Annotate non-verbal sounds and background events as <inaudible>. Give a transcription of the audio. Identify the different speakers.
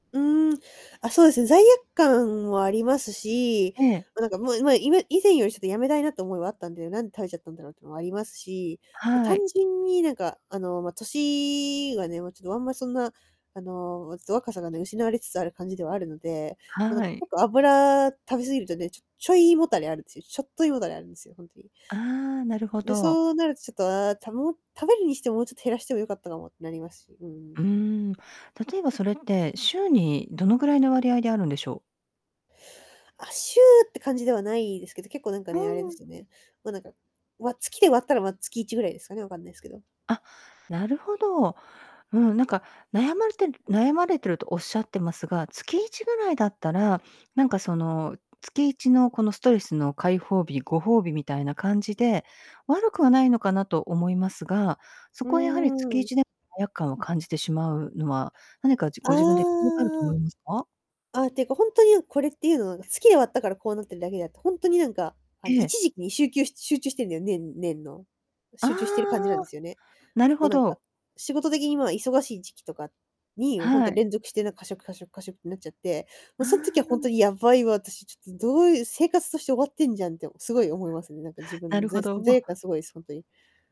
Speaker 1: うーん、あ、そうですね、罪悪感もありますし、
Speaker 2: ええ。
Speaker 1: ま、なんかもうまあ今以前よりちょっと辞めたいなって思いはあったんだよ、なんで食べちゃったんだろうっていうのもありますし、ま、
Speaker 2: は
Speaker 1: 単
Speaker 2: い。
Speaker 1: 純になんかあの、ま、歳がね、もうちょっとあんまそんな、あのちょっと若さがね、失われつつある感じではあるので。もうなん
Speaker 2: は
Speaker 1: か
Speaker 2: い。
Speaker 1: けっこう油食べ過ぎるとね、ちょちょい胃もたれあるんですよ。ちょっと胃もたれあるんですよ、ほんとに。
Speaker 2: ああ、なるほ
Speaker 1: で、
Speaker 2: ど。
Speaker 1: そうなるとちょっと、ああ、たも食べるにしてももうちょっと減らしてもよかったかもってなりますし、う
Speaker 2: うー
Speaker 1: ん。
Speaker 2: ん。例えばそれって週にどのぐらいの割合であるんでしょう？
Speaker 1: あ、週って感じではないですけど、結構なんか
Speaker 2: う
Speaker 1: ね、あれで
Speaker 2: ん。
Speaker 1: すよね。もうなんか、わ月で割ったらまあ月1ぐらいですかね、分かんないですけど。
Speaker 2: あ、なるほど。うん。なんか、悩まれてる悩まれてるとおっしゃってますが、月1ぐらいだったら、なんかその、月1のこのストレスの解放日、ご褒美みたいな感じで悪くはないのかなと思いますが、そ
Speaker 1: うー
Speaker 2: こはやはりつきい
Speaker 1: ん。
Speaker 2: ちで罪悪感を感じてしまうのは何かじ
Speaker 1: あ
Speaker 2: ご自分で <unintelligible> があると思
Speaker 1: あ。
Speaker 2: いますか？
Speaker 1: ああ、っていうか本当になん、これっていうのはなんか、月で割ったからこうなってるだけであって、ほんとになんか、あの
Speaker 2: ええ。
Speaker 1: 一時期にしゅうきゅう集中してんだよ年年の。
Speaker 2: ああ、
Speaker 1: 集中してる感じなんですよね。
Speaker 2: なる
Speaker 1: 結構
Speaker 2: ほ
Speaker 1: なんか、
Speaker 2: ど。
Speaker 1: 仕事的にまあ忙しい時期とかにまあ、ほん
Speaker 2: は
Speaker 1: と
Speaker 2: い。
Speaker 1: 連続してなんか過食過食過食んなっちゃって、もう
Speaker 2: あ
Speaker 1: そん時は本当
Speaker 2: あ。
Speaker 1: にやばいわ私、ちょっとどういう生活として終わってんじゃんってすごい思いますね。なんか自
Speaker 2: な
Speaker 1: 分の
Speaker 2: る
Speaker 1: ざ
Speaker 2: ほ
Speaker 1: い
Speaker 2: ど。
Speaker 1: 罪悪感すごいです、ほんとに。